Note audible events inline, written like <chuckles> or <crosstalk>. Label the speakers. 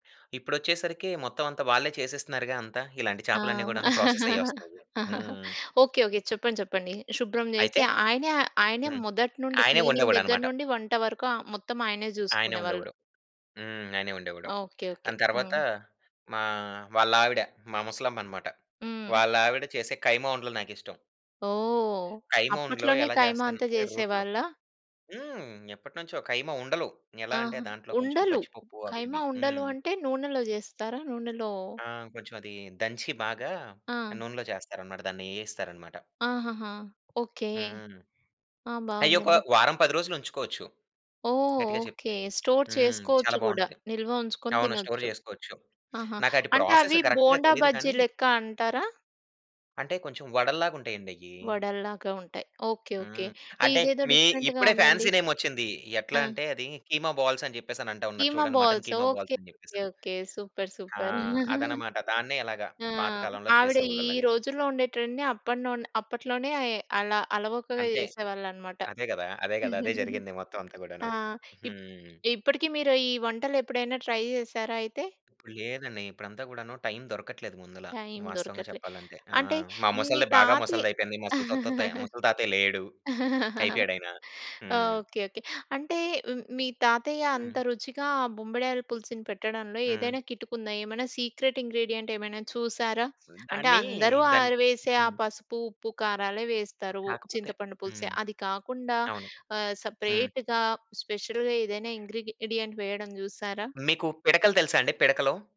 Speaker 1: ఇప్పుడొచ్చేసరికి మొత్తం అంతా వాళ్ళే చేసేస్తున్నారుగా అంతా. ఇలాంటి
Speaker 2: ఆ!
Speaker 1: చేపలన్నీ గూడాను ప్రాసెసయ్యొస్తాయి.
Speaker 2: <chuckles>
Speaker 1: హ్మ్.
Speaker 2: ఓకే. ఓకే. చెప్పండి. చెప్పండి. శుభ్రం
Speaker 1: అయితే?
Speaker 2: జేసి ఆయనే ఆయనే
Speaker 1: హ్మ్.
Speaker 2: మొదటి నుండి
Speaker 1: ఆయనే
Speaker 2: క్లీనింగ్ దగ్గర
Speaker 1: ఒండేవాడనమాట.
Speaker 2: నుండి వంట వరుకు మొత్తం ఆయనే
Speaker 1: ఆయనే
Speaker 2: చూసుకునేవాళ్ళు.
Speaker 1: వండేవాడు. హ్మ్. ఆయనే వండేవాడు.
Speaker 2: ఓకే. ఓకే.
Speaker 1: దాని తర్వాత
Speaker 2: హ్మ్.
Speaker 1: మా వాళ్ళావిడ, మా ముసలమ్మనమాట.
Speaker 2: హ్మ్.
Speaker 1: వాళ్ళావిడ చేసే ఖైమా ఉండలు నాకిష్టం.
Speaker 2: ఓహ్!
Speaker 1: ఖైమా ఉండలు
Speaker 2: అప్పట్లోనే
Speaker 1: ఎలా
Speaker 2: ఖైమా అంతా
Speaker 1: చేస్తాదంటే రోట్లో
Speaker 2: చేసేవాళ్ళా?
Speaker 1: హ్మ్. ఎప్పటినుంచో ఖైమా ఉండలు. ఎలా అంటే
Speaker 2: ఆహా!
Speaker 1: దాంట్లో కొంచెం
Speaker 2: ఉండలు.
Speaker 1: పచ్చిపప్పు అవి
Speaker 2: ఖైమా
Speaker 1: ఇవి
Speaker 2: ఉండలు
Speaker 1: హ్మ్.
Speaker 2: అంటే నూనెలో జేస్తారా? నూనెలో
Speaker 1: ఆ! కొంచెం అది దంచి బాగా
Speaker 2: ఆ!
Speaker 1: నూనెలో చేస్తారనమాట. దాన్ని ఏగిస్తారనమాట.
Speaker 2: ఆహాహా! ఓకే.
Speaker 1: హ్మ్.
Speaker 2: ఆ!
Speaker 1: అయో! ఒక
Speaker 2: బావుందండి.
Speaker 1: వారం, 10 రోజులుంచుకోవచ్చు.
Speaker 2: ఓహ్!
Speaker 1: గట్టిగా చెప్తే
Speaker 2: ఓకే. స్టోర్
Speaker 1: హ్మ్. చాలా
Speaker 2: చేసుకోవచ్చు గూడా.
Speaker 1: బాగుంటది.
Speaker 2: నిల్వ ఉంచుకొని
Speaker 1: అవును. స్టోర్
Speaker 2: తినొచ్చు.
Speaker 1: చేసుకోవచ్చు.
Speaker 2: ఆహా!
Speaker 1: నాకది
Speaker 2: అంటే
Speaker 1: ప్రాసెస్
Speaker 2: అవి
Speaker 1: కరెక్ట్‌గా
Speaker 2: బోండా
Speaker 1: తెలీదు
Speaker 2: బజ్జీ
Speaker 1: కానీ
Speaker 2: లెక్కా అంటారా?
Speaker 1: అంటే కొంచెం వడల్లాగుంటాయండయ్యి.
Speaker 2: వడల్లాగా ఉంటాయి. ఓకే. ఓకే.
Speaker 1: హ్మ్. అంటే
Speaker 2: ఇదేదో
Speaker 1: మీ
Speaker 2: డిఫరెంట్‌గా
Speaker 1: ఇప్పుడే
Speaker 2: ఉందండి.
Speaker 1: ఫ్యాన్సీ నేమొచ్చింది. ఎట్లా
Speaker 2: ఆ!
Speaker 1: అంటే అది కీమా బాల్సని చెప్పేసనంటా ఉన్నారు
Speaker 2: కీమా
Speaker 1: చూడండి. Mutton
Speaker 2: balls.
Speaker 1: Keema balls
Speaker 2: okay.
Speaker 1: అని
Speaker 2: ఓకే.
Speaker 1: చెప్పేసని.
Speaker 2: ఓకే. సూపర్.
Speaker 1: ఆ!
Speaker 2: సూపర్. <chuckles>
Speaker 1: అదనమాట. దాన్నే ఇలాగా
Speaker 2: ఆ!
Speaker 1: పాతకాలంలో
Speaker 2: ఆవిడ ఈ
Speaker 1: చేసేవాళ్ళు అలాగా.
Speaker 2: రోజుల్లో ఉండే ట్రెండ్‌ని అప్పడ్నుండే అప్పట్లోనే అల అలవోకగా
Speaker 1: అంతే.
Speaker 2: జేసేవాళ్ళనమాట.
Speaker 1: అదే గదా! అదే గదా! అదే
Speaker 2: <chuckles>
Speaker 1: జరిగింది. మొత్తమంతా గూడాను.
Speaker 2: ఆ! ఇప్
Speaker 1: హ్మ్.
Speaker 2: ఇప్పటికి మీరు ఈ వంటలెప్పుడైనా ట్రై చేశారా అయితే?
Speaker 1: ఇప్పుడులేదండి. ఇప్పుడంతా గూడాను టైం దొరకట్లేదు. ముందుల
Speaker 2: టైం
Speaker 1: వాస్తవంగా
Speaker 2: దొరకట్లే.
Speaker 1: చెప్పాలంటే. ఆ!
Speaker 2: అంటే
Speaker 1: మా
Speaker 2: మీ
Speaker 1: ముసలిది బాగా
Speaker 2: తాతే
Speaker 1: ముసలిదయిపోయింది. ముసలి తతత్తయ్ ఆ ముసలి తాతయ్య లేడు.
Speaker 2: <chuckles>
Speaker 1: అయిపోయాడాయన. హ్మ్.
Speaker 2: ఓకే. ఓకే. అంటే మీ తాతయ్య అంత
Speaker 1: హ్మ్.
Speaker 2: రుచిగా ఆ బొంబిడాయల పులుసుని పెట్టడంలో
Speaker 1: హ్మ్.
Speaker 2: ఏదైనా కిటుకుందా? ఏమైనా సీక్రెట్ ఇంగ్రీడియంటేమైనా చూసారా? అంటే
Speaker 1: దాన్నీ,
Speaker 2: అందరూ
Speaker 1: దాన్ని
Speaker 2: ఆరివేసే ఆ
Speaker 1: హ్మ్.
Speaker 2: పసుపు, ఉప్పు, కారాలే వేస్తారు.
Speaker 1: కాకపోతే
Speaker 2: చింతపండు పులుసే
Speaker 1: హ్మ్.
Speaker 2: అది కాకుండా
Speaker 1: అవును.
Speaker 2: ఆహ్,
Speaker 1: హ్మ్.
Speaker 2: సెపరేట్‌గా స్పెషల్‌గేదైనా ఇంగ్రీడిడియంట్ వేయడం జూసారా?
Speaker 1: మీకు పిడకలు తెలుసా అండి పిడకలు?